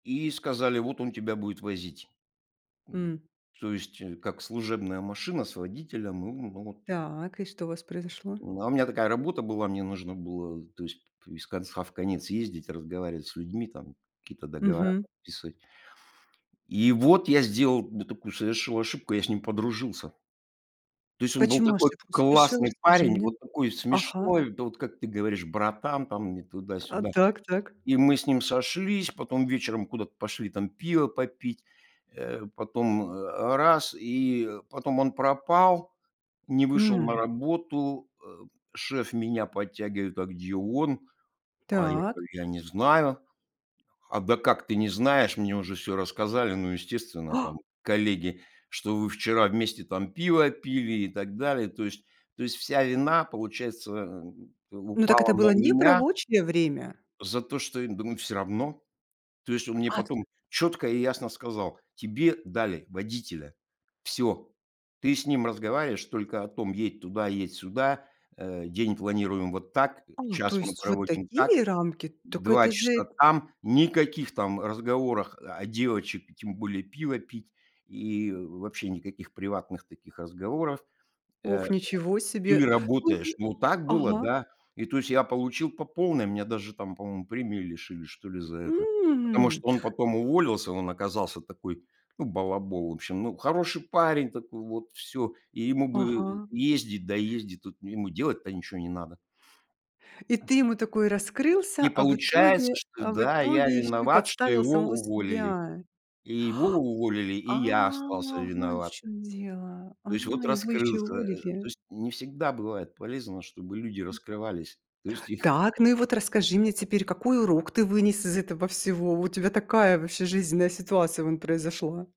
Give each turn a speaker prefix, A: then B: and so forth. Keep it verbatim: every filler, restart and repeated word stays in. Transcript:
A: И сказали: "Вот он тебя будет возить."
B: М.
A: То есть как служебная машина с водителем, ну ну, вот
B: Так, и что у вас произошло?
A: Ну, у меня такая работа была, мне нужно было, то есть из конца в конец ездить, разговаривать с людьми, там какие-то договора
B: Мгм.
A: подписывать. И вот я сделал, да, такую совершил ошибку- я с ним подружился. То есть он был
B: Почему
A: такой
B: ошибку совершил?
A: классный
B: Расскажи
A: парень,
B: мне.
A: вот такой
B: Ага.
A: смешной, да, вот как ты говоришь, "братан" там, не
B: А,
A: туда-сюда.
B: так, так.
A: И мы с ним сошлись, потом вечером куда-то пошли там пива попить, э, потом, а, раз и потом он пропал, не вышел на
B: М.
A: работу. Э, шеф меня подтягивает: "А где он?" А я
B: Так.
A: говорю: "Я не знаю"- "А да как ты не знаешь? Мне уже всё рассказали. Ну, естественно, там, коллеги, что вы вчера вместе там пиво пили и так далее". То есть то есть вся вина, получается,
B: Ну, так это
A: упала
B: было
A: на
B: не в
A: меня.
B: рабочее время!
A: за то, что я думаю, всё равно. То есть он мне
B: Акт
A: потом чётко и ясно сказал: "Тебе дали водителя. Всё. Ты с ним разговариваешь только о том: едь туда, едь сюда. Э, день планируем вот так.
B: А, то
A: Час мы
B: есть вот
A: проводим так.
B: такие рамки? Так
A: два
B: это
A: часа
B: же
A: там, никаких там разговоров о девочек, и тем более пиво пить, и вообще никаких приватных таких разговоров, э,
B: Ох, ничего
A: или
B: себе.
A: работаешь".
B: Слушай
A: Ну, так было,
B: Ага.
A: да. И, то есть, я получил по полной. Меня даже там, по-моему, премии лишили, что ли, за это. Потому
B: М.
A: что он потом уволился, он оказался такой, ну, балабол. В общем, ну, хороший парень такой вот, всё. И ему бы
B: Ага.
A: ездить да ездить тут, но ему делать-то ничё не надо.
B: И ты ему такой раскрылся,
A: И
B: а в
A: получается,
B: итоге
A: что
B: а в
A: да, я
B: итоге ещё и
A: виноват, что
B: подставил
A: его
B: самого
A: уволили.
B: себя.
A: И его уволили,
B: А,
A: и я остался
B: вон в
A: виноват.
B: чём дело, а,
A: То есть вот
B: его ещё
A: раскрылся. Э, то
B: уволили.
A: есть не всегда бывает полезно, чтобы люди раскрывались. То есть их
B: Так, ну и вот расскажи мне теперь: какой урок ты вынес из этого всего? У тебя такая вообще жизненная ситуация вон произошла.